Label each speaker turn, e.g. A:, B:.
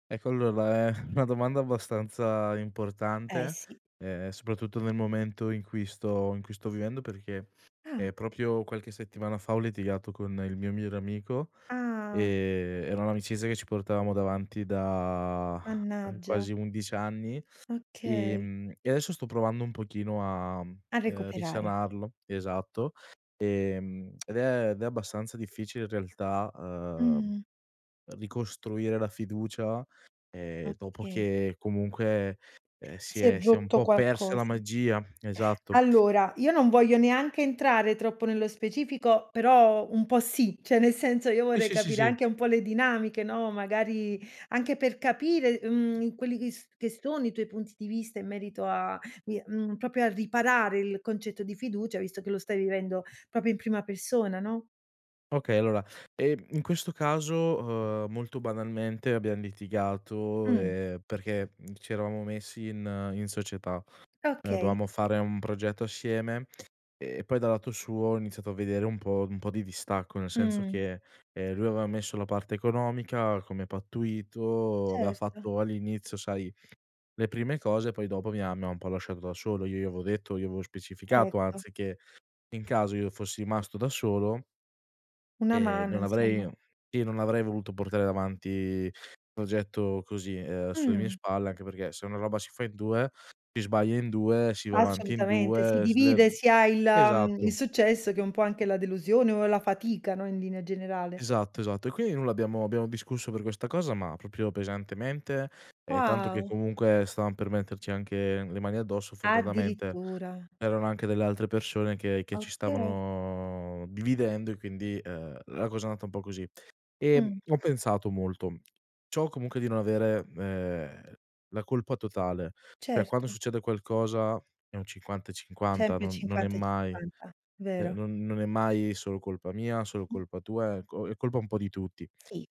A: Ecco allora, è una domanda abbastanza
B: Eh,
A: importante,
B: sì.
A: ehm, soprattutto nel momento in cui sto in cui sto vivendo perché,
B: Ah.
A: ehm, proprio qualche settimana fa ho litigato con il mio migliore amico,
B: Ah.
A: ehm, era un'amicizia che ci portavamo davanti da
B: Mannaggia.
A: quasi 11 anni,
B: Okay.
A: ehm, e adesso sto provando un pochino a,
B: A
A: uhm,
B: recuperare.
A: risanarlo, esatto. Ehm, ed è ed è abbastanza difficile in realtà, uhm,
B: Mh.
A: ricostruire la fiducia, ehm, dopo
B: Okay.
A: che comunque, ehm, si
B: Si è
A: è si è un
B: rotto
A: po' persa la
B: qualcosa.
A: magia Esatto.
B: Allora, io non voglio neanche entrare troppo nello specifico, però un po' sì, cioè nel senso io
A: Sì,
B: vorrei
A: sì, sì,
B: capire
A: sì.
B: anche un po' le dinamiche, no, magari anche per capire, mhmm, quelli che s che sono i tuoi punti di vista in merito a, vi mhmm, proprio a riparare il concetto di fiducia, visto che lo stai vivendo proprio in prima persona, no?
A: Okay, allora, ehm, in questo caso, uhm, molto banalmente abbiam litigato,
B: Mh.
A: ehm, perché ci eravamo messi in in società. Ehm,
B: Okay.
A: dovevamo fare un progetto assieme e poi dal lato suo ho iniziato a vedere un po' un po' di distacco, nel senso
B: Mh.
A: che, ehm, lui aveva messo la parte economica come pattuito, aveva
B: Certo.
A: fatto all'inizio, sai, le prime cose, poi dopo mi ha mi ha un po' lasciato da solo. Io gli avevo detto, io avevo specificato
B: Ecco.
A: anzi che in caso io fossi rimasto da solo
B: Una
A: ehm,
B: mano,
A: non
B: insomma.
A: avrei io non avrei voluto portare avanti un progetto così, uhm, sulle mie
B: Mh.
A: spalle, anche perché se una roba si fa in 2, si sbaglia in 2, si va avanti in
B: Assolutamente, si
A: 2, si ler
B: divide sia il, mhmm,
A: esatto.
B: il successo che un po' anche la delusione o la fatica, no, in linea generale.
A: Esatto, esatto. E quin nulla abbiamo abbiamo discusso per questa cosa, ma proprio pesantemente, ehm, tanto che
B: Wow.
A: comunque stavam per metterci anche le mani addosso, fortunatamente
B: Addirittura?
A: c'erano anche delle altre persone che che ci
B: Okay.
A: stavano dividendo e quindi, uhm, la cosa è andata un po' così. Ehm,
B: Mh.
A: ho pensato molto. Ciò comunque di non avere, uhm, la colpa totale. Per quando
B: Certo.
A: succede qualcosa è un 50 e 50,
B: Sempre
A: non non è
B: 50 e
A: mai
B: 50,
A: cioè
B: vero.
A: non non è mai solo colpa mia, solo
B: Mh.
A: colpa tua, è co è colpa un po' di tutti.
B: Sì.